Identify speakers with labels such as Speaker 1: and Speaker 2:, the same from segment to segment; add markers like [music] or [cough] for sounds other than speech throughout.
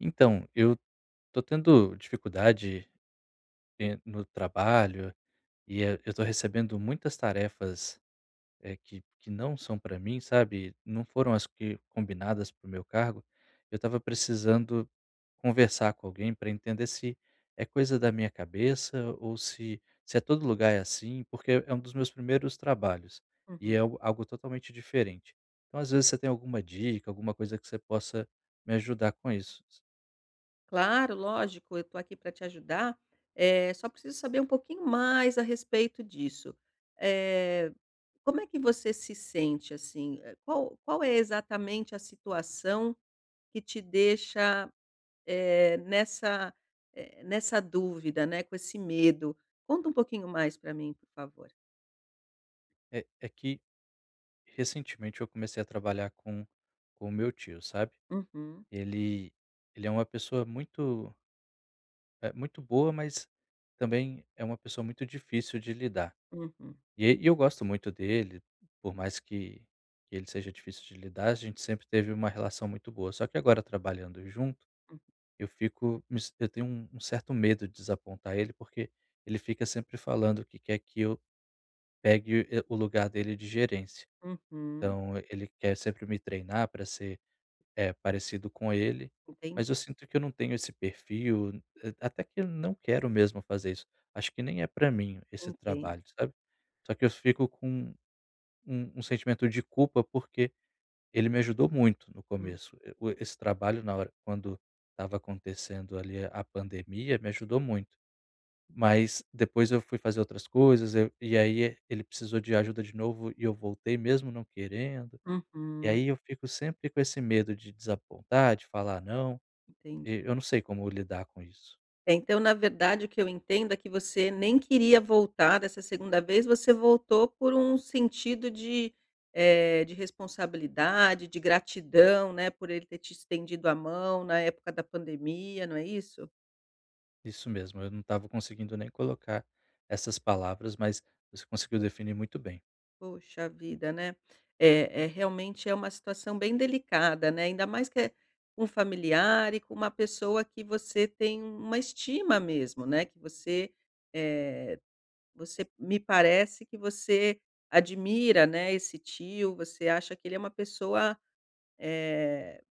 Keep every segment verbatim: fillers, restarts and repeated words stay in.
Speaker 1: Então, eu tô tendo dificuldade en no trabalho, e, eh eu tô recebendo muitas tarefas, eh, que que não são pra mim, sabe, não foram as que combinadas para o meu cargo, eu estava precisando conversar com alguém pra entender se é coisa da minha cabeça, ou se se é todo lugar é assim, porque é um dos meus primeiros trabalhos e é
Speaker 2: Uhum.
Speaker 1: algo algo totalmente diferente. Então, às vezes, você tem alguma dica, alguma coisa que você possa me ajudar com isso.
Speaker 2: Claro, lógico, eu tô aqui para te ajudar. Eh, só preciso saber um pouquinho mais a respeito disso. Eh, como é que você se sente assim? Qual qual é exatamente a situação que te deixa, eh, nessa, eh, nessa dúvida, né, com esse medo? Conta um pouquinho mais pra mim, por favor.
Speaker 1: É é que recentemente eu comecei a trabalhar com com o meu tio, sabe?
Speaker 2: Uhum.
Speaker 1: Ele ele é uma pessoa muito eh, muito boa, mas também é uma pessoa muito difícil de lidar.
Speaker 2: Uhum.
Speaker 1: E eu gosto muito dele, por mais que que ele seja difícil de lidar, a gente sempre teve uma relação muito boa. Só que agora, trabalhando junto,
Speaker 2: Uhum.
Speaker 1: eu fico me sen eu tenho um um certo medo de desapontar ele, porque ele fica sempre falando que quer que eu pegue o e o lugar dele de gerência.
Speaker 2: Uhum.
Speaker 1: Então ele quer sempre me treinar para ser, eh, parecido com ele, mas eu
Speaker 2: Entendi.
Speaker 1: sinto que eu não tenho esse perfil. Até que eu não quero mesmo fazer isso. Acho que nem é para mim esse
Speaker 2: Entendo.
Speaker 1: trabalho, sabe? Só que eu fico com um um sentimento de culpa, porque ele me ajudou muito no
Speaker 2: Hum.
Speaker 1: começo. O e esse trabalho, na hora quando estava acontecendo ali a pandemia, me ajudou muito. Mas depois eu fui fazer outras coisas aí e aí ele precisou de ajuda de novo e eu voltei, mesmo não querendo. E
Speaker 2: Uhum.
Speaker 1: aí eu fico sempre com esse medo de desapontar, de falar não. E
Speaker 2: Entendi.
Speaker 1: eu não sei como lidar com isso.
Speaker 2: É, então, na verdade, o que eu entendo é que você nem queria voltar dessa segunda vez. Você voltou por um sentido de, eh, de responsabilidade, de gratidão, né, por ele ter te estendido a mão na época da pandemia, não é isso?
Speaker 1: Isso mesmo, eu não estava conseguindo nem colocar essas palavras, mas você conseguiu definir muito bem.
Speaker 2: Poxa vida, né? É é realmente é uma situação bem delicada, né? Ainda mais que é um familiar e com uma pessoa que você tem um uma estima mesmo, né, que você, eh, você m-me parece que você admira, né, esse tio, você acha que ele é uma pessoa, eh,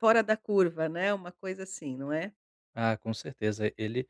Speaker 2: fora da curva, né? Uma coisa assim, não é?
Speaker 1: Ah, com certeza, ele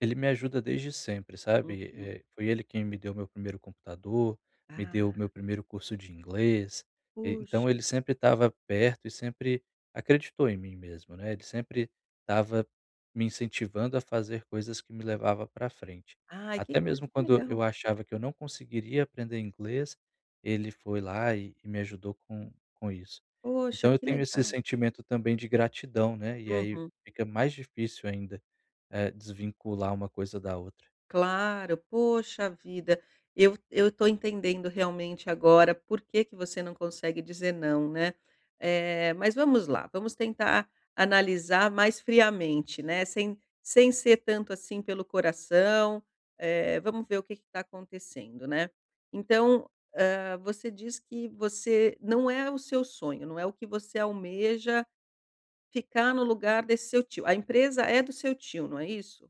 Speaker 1: ele me ajuda desde sempre, sabe?
Speaker 2: Uhum.
Speaker 1: Eh, foi ele quem me deu o meu primeiro computador, me deu
Speaker 2: Ah!
Speaker 1: meu primeiro curso de inglês e
Speaker 2: Puxa!
Speaker 1: então ele sempre estava perto e sempre acreditou em mim mesmo, não é? Ele sempre estava me incentivando a fazer coisas que me levava pra frente,
Speaker 2: Ai, que
Speaker 1: até
Speaker 2: que, mas
Speaker 1: mesmo
Speaker 2: que
Speaker 1: quando
Speaker 2: legal!
Speaker 1: eu achava que eu não conseguiria aprender inglês, ele foi lá e e me ajudou com com isso.
Speaker 2: Poxa,
Speaker 1: Então, eu
Speaker 2: que
Speaker 1: tenho esse
Speaker 2: legal!
Speaker 1: sentimento também de gratidão, né? E aí
Speaker 2: Uhum.
Speaker 1: fica mais difícil ainda, eh, desvincular uma coisa da outra.
Speaker 2: Claro, poxa vida, eu eu tô entendendo realmente agora por que que você não consegue dizer "não", né? Eh, mas vamos lá, vamos tentar analisar mais friamente, né, sem sem ser tanto assim pelo coração. Eh, vamos ver o que que tá acontecendo, né? Então, hã, você diz que você não é o seu sonho, não é o que você almeja ficar no lugar desse seu tio. A empresa é do seu tio, não é isso?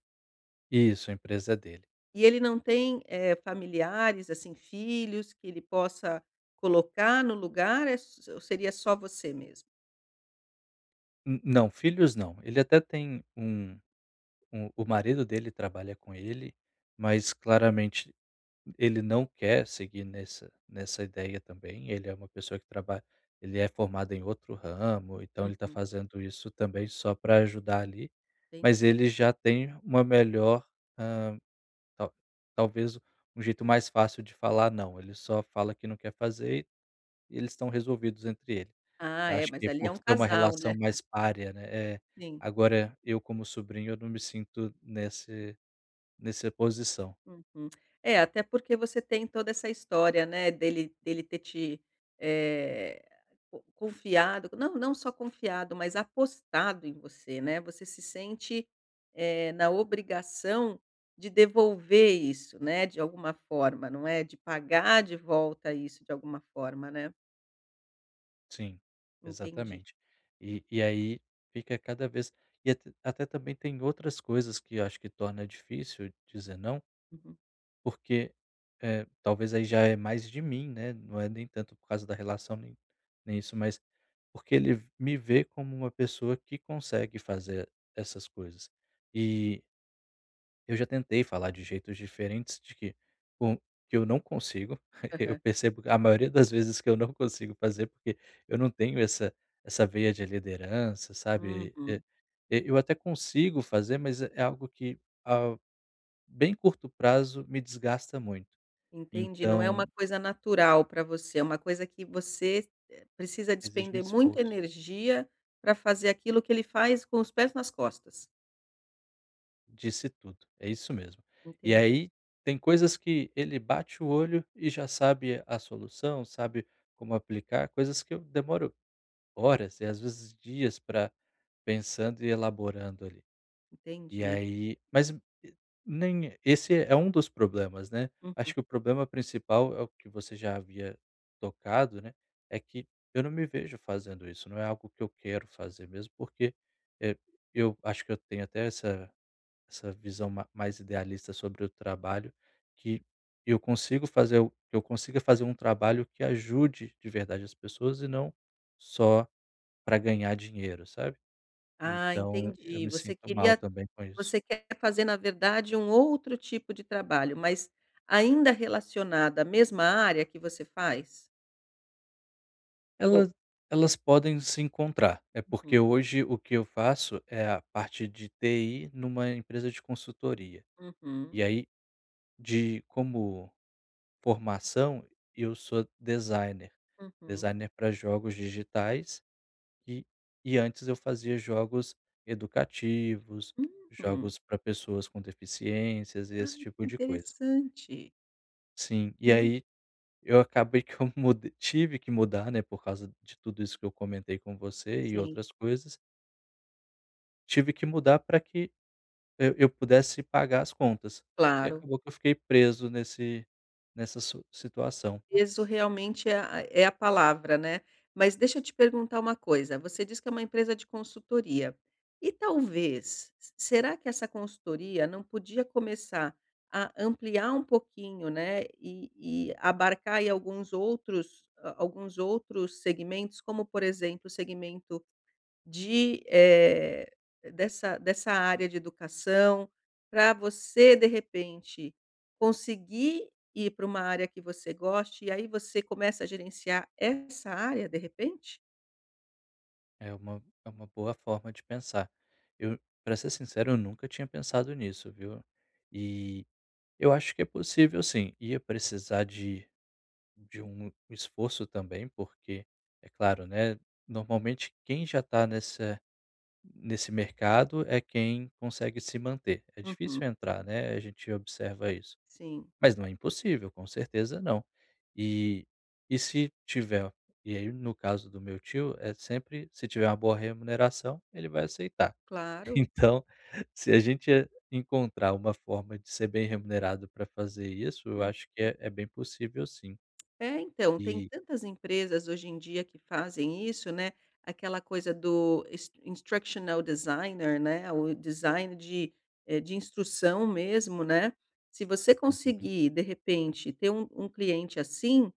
Speaker 1: Isso, a empresa é dele.
Speaker 2: E ele não tem, eh, familiares, assim, filhos, que ele possa colocar no lugar é s ou seria só você mesmo?
Speaker 1: Hum, não, filhos não. Ele até tem um um o marido dele trabalha com ele, mas claramente ele não quer seguir nesse nessa ideia também. Ele é uma pessoa que trabalha ele é formado em outro ramo, então ele tá
Speaker 2: Uhum.
Speaker 1: fazendo isso também só pra ajudar ali, mas
Speaker 2: Entendi.
Speaker 1: ele já tem uma melhor, hã, tal talvez um jeito mais fácil de falar "não", ele só fala que não quer fazer e eles estão resolvidos entre eles.
Speaker 2: Ah
Speaker 1: Eu
Speaker 2: é,
Speaker 1: acho que
Speaker 2: mas
Speaker 1: é
Speaker 2: ali é
Speaker 1: por
Speaker 2: um
Speaker 1: ter uma
Speaker 2: casal,
Speaker 1: relação
Speaker 2: né?
Speaker 1: mais parea, né?
Speaker 2: Sim.
Speaker 1: Agora eu, como sobrinho, eu não me sinto nesse nesse posição.
Speaker 2: Uhum. É, até porque você tem toda essa história, né, dele dele ter te, eh, co confiado, não não só confiado, mas apostado em você, né? Você se sente, eh, na obrigação de devolver isso, né, de alguma forma, não é? De pagar de volta isso de alguma forma, né?
Speaker 1: Sim,
Speaker 2: Entendi.
Speaker 1: exatamente. E e aí, fica cada vez e at até também têm outras coisas que acho que torna difícil dizer "não"
Speaker 2: Uhum.
Speaker 1: porque, eh, talvez aí já é mais de mim, né? Não é nem tanto por causa da relação, nem nem isso, mas porque ele v me vê como uma pessoa que consegue fazer essas coisas. E eu já tentei falar de jeitos diferentes de que com eu não consigo, [chuckles] eu
Speaker 2: Aham.
Speaker 1: percebo a maioria das vezes que eu não consigo fazer, porque eu não tenho essa essa veia de liderança, sabe? Eh,
Speaker 2: Uhum.
Speaker 1: e eu até consigo fazer, mas é é algo que, ao bem curto prazo me desgasta muito,
Speaker 2: Entendi. Não é uma
Speaker 1: então
Speaker 2: coisa natural pra você, é uma coisa que você, eh, precisa
Speaker 1: Exige
Speaker 2: despender
Speaker 1: muito
Speaker 2: muita
Speaker 1: esforço.
Speaker 2: energia pra fazer aquilo que ele faz com os pés nas costas.
Speaker 1: Disse tudo, é isso mesmo! E
Speaker 2: Entendi.
Speaker 1: aí, têm coisas que ele bate o olho e já sabe a solução, sabe como aplicar, coisas que eu demoro horas e, às vezes, dias pra pensando e elaborando, ali. E
Speaker 2: Entendi.
Speaker 1: aí, mas o nem é esse é é um dos problemas, né?
Speaker 2: Uhum.
Speaker 1: Acho que o problema principal é o que você já havia tocado, né, é que eu não me vejo fazendo isso, não é algo que eu quero fazer, mesmo porque, eh, eu acho que eu tenho até essa essa visão ma mais idealista sobre o trabalho que eu consigo fazer que eu consiga fazer um trabalho que ajude de verdade as pessoas e não só pra ganhar dinheiro, sabe?
Speaker 2: Ah,
Speaker 1: Então, eu
Speaker 2: entendi,
Speaker 1: me
Speaker 2: você
Speaker 1: sinto mal
Speaker 2: queria
Speaker 1: também com isso.
Speaker 2: você quer fazer, na verdade, um outro tipo de trabalho, mas ainda relacionada à mesma área que você faz? Ou
Speaker 1: Ela elas podem se encontrar, eh,
Speaker 2: Uhum.
Speaker 1: porque hoje o que eu faço é a parte de TI numa empresa de consultoria.
Speaker 2: Uhum.
Speaker 1: E aí, de como formação eu sou designer,
Speaker 2: Uhum.
Speaker 1: designer pra jogos digitais e e antes eu fazia jogos educativos,
Speaker 2: Hum!
Speaker 1: jogos pra pessoas com deficiências e esse
Speaker 2: Ai,
Speaker 1: tipo
Speaker 2: que
Speaker 1: de coisa.
Speaker 2: interessante!
Speaker 1: Sim, e
Speaker 2: Nun
Speaker 1: aí eu acabei que eu mud tive que mudar né, por causa de tudo isso que eu comentei com você e
Speaker 2: Sim.
Speaker 1: outras coisas tive que mudar pra que, hã, eu pudesse pagar as contas e
Speaker 2: Claro.
Speaker 1: acabou que eu fiquei preso nesse nessa su situação.
Speaker 2: "Peso" realmente é a é a palavra, né? Mas deixa eu te perguntar uma coisa você diz que é uma empresa de consultoria. E talvez, será que essa consultoria não podia começar a ampliar pouquinho, né, e e abarcar aí alguns outros, hã, alguns outros segmentos, como, por exemplo, o segmento de, eh, dessa dessa área de educação, pra você, de repente, conseguir ir pra uma área que você goste e aí você começa a gerenciar essa área, de repente?
Speaker 1: É uma é uma boa forma de pensar. Eu, pra ser sincero, eu nunca tinha pensado nisso, viu? Eh, eu acho que é possível sim. Ia precisar de de um esforço também, porque é claro, né? Normalmente, quem já tá nessa nesse mercado é quem consegue se manter. É
Speaker 2: Uhum.
Speaker 1: difícil entrar, né? A gente observa isso.
Speaker 2: Sim.
Speaker 1: Mas não é impossível, com certeza, não. E e se tiver e aí, no caso do meu tio, é sempre se tiver uma boa remuneração, ele vai aceitar.
Speaker 2: Claro.
Speaker 1: Então, se a gente, eh encontrar uma forma de ser bem remunerado pra fazer isso, eu acho que
Speaker 2: Uhum.
Speaker 1: é é bem possível sim.
Speaker 2: É, então, tem
Speaker 1: Eh
Speaker 2: tantas empresas, hoje em dia, que fazem isso, né? Aquela coisa do is instructional designer, né, o design de eh, de instrução mesmo, né? Se você
Speaker 1: Uhum.
Speaker 2: conseguir, de repente, ter um um cliente assim,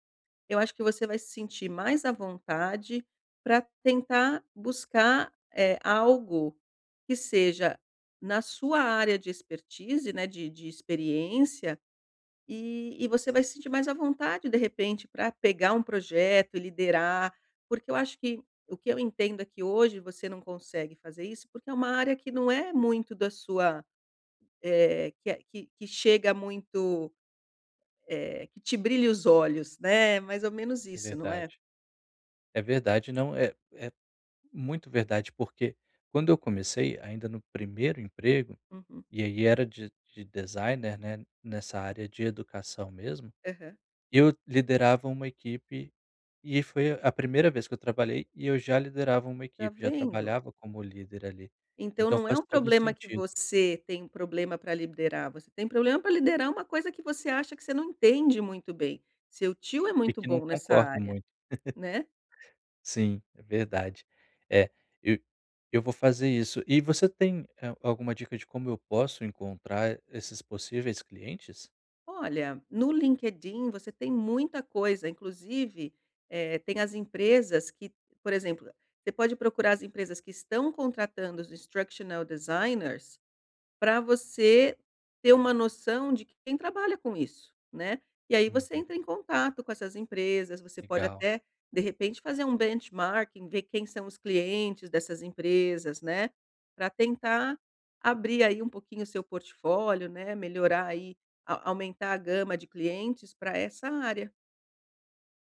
Speaker 2: eu acho que você vai se sentir mais à vontade pra tentar buscar, eh, algo que seja na sua área de expertise, né, de de experiência, e e você vai se sentir mais à vontade, de repente, pra pegar um projeto, liderar porque eu acho que o que eu entendo é que hoje você não consegue fazer isso porque é uma área que não é muito da sua, eh, que eh, que que chega muito, eh, que te brilha os olhos, né? É mais ou menos
Speaker 1: É
Speaker 2: isso, não é?
Speaker 1: verdade. É verdade, não, é é muito verdade, porque quando eu comecei ainda no primeiro emprego,
Speaker 2: Uhum.
Speaker 1: e aí era de de designer, né, nessa área de educação mesmo,
Speaker 2: Aham.
Speaker 1: eu liderava uma equipe e foi a a primeira vez que eu trabalhei e eu já liderava uma
Speaker 2: Tá
Speaker 1: equipe, já
Speaker 2: vendo!
Speaker 1: trabalhava como líder ali,
Speaker 2: Então,
Speaker 1: então
Speaker 2: não é
Speaker 1: faz
Speaker 2: um
Speaker 1: todo o
Speaker 2: problema que
Speaker 1: sentido.
Speaker 2: você tem um problema pra liderar, você tem problema pra liderar uma coisa que você acha que você não entende muito bem. Seu tio é
Speaker 1: E
Speaker 2: muito
Speaker 1: que eu não
Speaker 2: bom nessa
Speaker 1: concordo
Speaker 2: área.
Speaker 1: muito. [laughs]
Speaker 2: Né?
Speaker 1: Sim, é verdade. É, eh, eu vou fazer isso. E você tem, hum, a alguma dica de como eu posso encontrar, eh, esses possíveis clientes?
Speaker 2: Olha, no LinkedIn você tem muita coisa, inclusive, eh, tem as empresas que, por exemplo, você pode procurar as empresas que estão contratando os instructional designers pra você ter uma noção de quem trabalha com isso, né, e aí você
Speaker 1: Uhum.
Speaker 2: entra em contato com essas empresas, você pode
Speaker 1: Legal.
Speaker 2: até, de repente fazer um benchmarking, ver quem são os clientes dessas empresas, né, pra tentar abrir aí pouquinho o seu portfólio, né, melhorar aí a aumentar a gama de clientes pra essa área.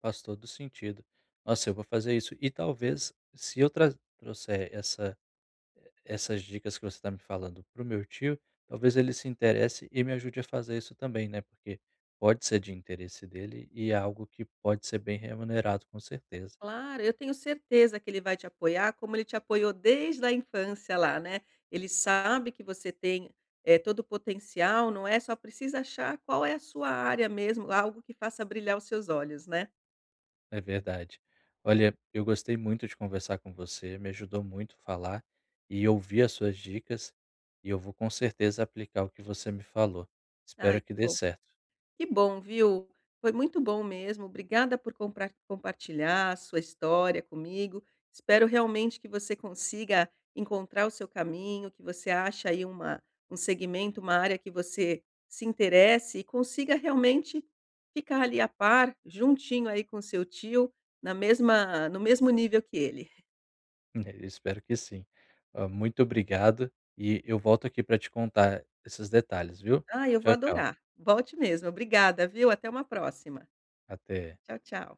Speaker 1: Faz todo o sentido. Nossa, eu vou fazer isso, e talvez se eu traz trouxer essa e essas dicas que você está me falando para o meu tio, talvez ele se interesse e me ajude a fazer isso também, né, porque pode ser de interesse dele e é algo que pode ser bem remunerado com certeza.
Speaker 2: Claro, eu tenho certeza que ele vai te apoiar, como ele te apoiou desde a infância lá, né, ele sabe que você tem, eh, todo o potencial, não é, só precisa achar qual é a sua área mesmo, algo que faça brilhar os seus olhos, né?
Speaker 1: É verdade. Olha, eu gostei muito de conversar com você, me ajudou muito falar e ouvir as suas dicas, e eu vou com certeza aplicar o que você me falou. Espero
Speaker 2: Ai
Speaker 1: que
Speaker 2: que
Speaker 1: dê
Speaker 2: bom
Speaker 1: certo.
Speaker 2: que bom, viu, foi muito bom mesmo, obrigada por comprar compartilhar a sua história comigo, espero realmente que você consiga encontrar o seu caminho, que você ache aí uma um segmento, uma área que você se interesse e consiga realmente ficar ali a par, juntinho aí com o seu tio, na mesma no mesmo nível que ele.
Speaker 1: É, eu espero que sim, hã, muito obrigado, e eu volto aqui para te contar esses detalhes viu,
Speaker 2: Ah, eu vou
Speaker 1: tchau, tchau.
Speaker 2: adorar, volte mesmo, obrigada viu, até uma próxima.
Speaker 1: Até.
Speaker 2: Tchau tchau.